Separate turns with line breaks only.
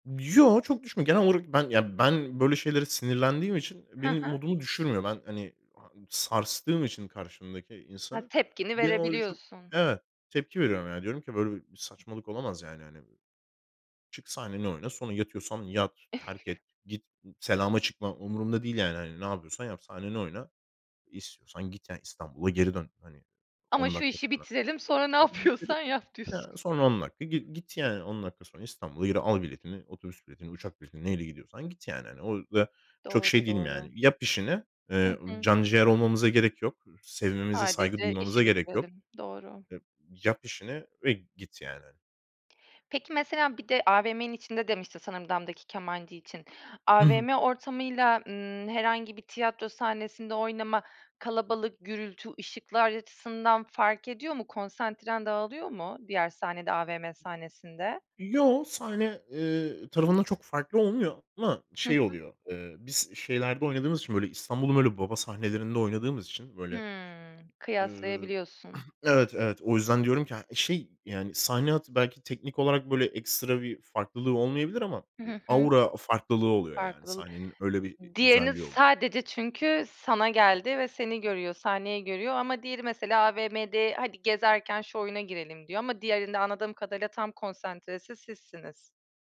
Yo, çok düşmüyor. Genel olarak ben, ya, ben böyle şeylere sinirlendiğim için, eee,
Hı
benim
hı.
modumu düşürmüyor. Ben, hani, ha sarstığım için karşımdaki
Ha,
insanı,
tepkini
benim orada çok,
verebiliyorsun.
evet, tepki veriyorum. Ya, diyorum ki: "Böyle bir saçmalık olamaz, yani, hani. Çık sahneni oyna. Sonra yatıyorsan yat, terk et. Git, selama çıkma. Umurumda değil, yani, hani. Ne yapıyorsan yap, sahnenin oyna. İstiyorsan git yani İstanbul'a geri dön. Hani,
"Ama
10
şu
dakika
işi
sonra.
bitirelim sonra ne
Ha [unintelligible]
yapıyorsan yap." diyorsun.
ya son 10 dakika gi git yani. 10 dakika sonra İstanbul'a geri al biletini, otobüs biletini, uçak biletini neyle gidiyorsan git." yani, hani. O da çok şey
Doğru,
değilim yani?
doğru.
"Yap işini,
Hı
eee,
hı.
can ciğer olmamıza gerek yok. Sevmemize saygı
Sadece
duymamıza
işi
gerek yok.
bitirelim, doğru.
Ya yap işini ve git, yani."
Peki, mesela bir de AVM'nin içinde demiştin sanırım, Damdaki Kemancı için.
I hı.
AVM ortamıyla, ımm, herhangi bir tiyatro sahnesinde oynama kalabalık, gürültü, ışıklar açısından fark ediyor mu konsantren dağılıyor mu diğer sahnede, AVM sahnesinde?
Yo, sahne, ııı, tarafında çok farklı olmuyor ama
Hı
şey
hı.
oluyor. Iıı, biz şeylerde oynadığımız için böyle İstanbul'un böyle baba sahnelerinde oynadığımız için böyle,
Hımm,
ııı,
kıyaslayabiliyorsun.
evet, evet. O yüzden diyorum ki, ha şey, yani, sahne hayatı belki teknik olarak böyle ekstra bir farklılığı olmayabilir ama,
Hı.
eee,
Hı hı.
aura farklılığı oluyor, yani,
Farklıl
sahnenin öyle bir i
diğerini
güzelliği oluyor.
sadece çünkü, sana geldi ve seni görüyor, sahneyi görüyor ama diğeri mesela AVM'de, "Hadi gezerken şu oyuna girelim." diyor ama diğerinde anladığım kadarıyla tam konsantresi sizsiniz.